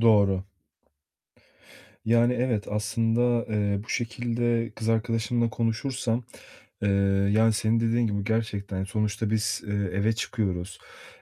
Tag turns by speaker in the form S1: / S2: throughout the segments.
S1: Doğru. Yani evet, aslında, eee, bu şekilde kız arkadaşımla konuşursam, eee, yani senin dediğin gibi gerçekten sonuçta biz, eee, eve çıkıyoruz,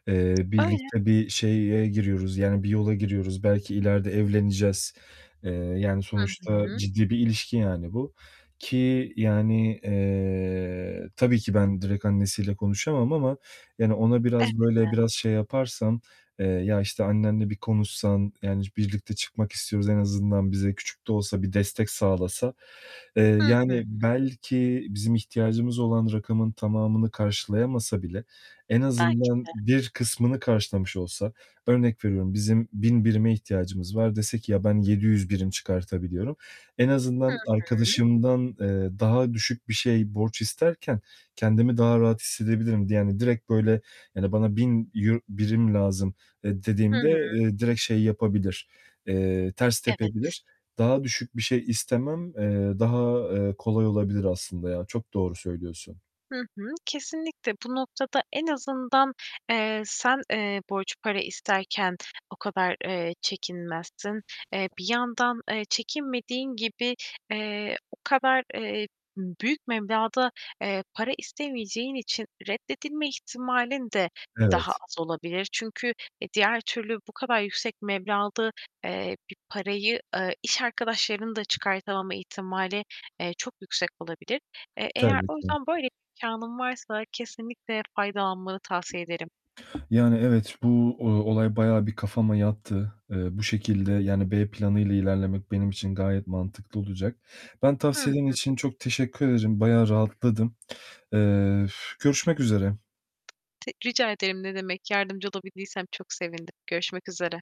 S1: eee,
S2: Öyle.
S1: birlikte bir şeye giriyoruz, yani bir yola giriyoruz, belki ileride evleneceğiz. Eee, yani
S2: Hı
S1: sonuçta
S2: hı.
S1: ciddi bir ilişki yani bu, ki yani, eee, tabii ki ben direkt annesiyle konuşamam ama yani ona biraz böyle,
S2: Elbette.
S1: biraz şey yaparsam. Eee, ya, işte, "Annenle bir konuşsan yani birlikte çıkmak istiyoruz, en azından bize küçük de olsa bir destek sağlasa." Eee,
S2: Hı hı.
S1: yani belki bizim ihtiyacımız olan rakamın tamamını karşılayamasa bile en
S2: Belki
S1: azından
S2: de.
S1: bir kısmını karşılamış olsa Örnek veriyorum: Bizim 1.000 birime ihtiyacımız var, dese ki "Ya, ben 700 birim çıkartabiliyorum." En
S2: Hı
S1: azından
S2: hı.
S1: arkadaşımdan, eee, daha düşük bir şey, borç isterken kendimi daha rahat hissedebilirim di yani, direkt böyle yani, "Bana €1000, birim lazım." eee, dediğimde,
S2: Hıı.
S1: eee, direkt şey yapabilir, eee, ters
S2: Evet.
S1: tepebilir. Daha düşük bir şey istemem, eee, daha, eee, kolay olabilir aslında ya. Çok doğru söylüyorsun.
S2: Hı hı, kesinlikle bu noktada en azından, eee, sen, eee, borç para isterken o kadar, eee, çekinmezsin. Eee, bir yandan, eee, çekinmediğin gibi, eee, o kadar, eee, büyük meblağda, eee, para istemeyeceğin için reddedilme ihtimalin de daha
S1: Evet.
S2: az olabilir. Çünkü, e, diğer türlü bu kadar yüksek meblağda, eee, bir parayı, ııı, iş arkadaşlarının da çıkartamama ihtimali, eee, çok yüksek olabilir. Eee, eğer
S1: Tabii
S2: o
S1: ki.
S2: yüzden böyle imkânın varsa kesinlikle faydalanmanı tavsiye ederim.
S1: Yani evet, bu, ııı, olay bayağı bir kafama yattı. Eee, bu şekilde, yani B planıyla ilerlemek benim için gayet mantıklı olacak. Ben
S2: Hı
S1: tavsiyelerin
S2: hı.
S1: için çok teşekkür ederim. Bayağı rahatladım. Eee, üf, görüşmek üzere.
S2: Ti rica ederim, ne demek. Yardımcı olabildiysem çok sevindim. Görüşmek üzere.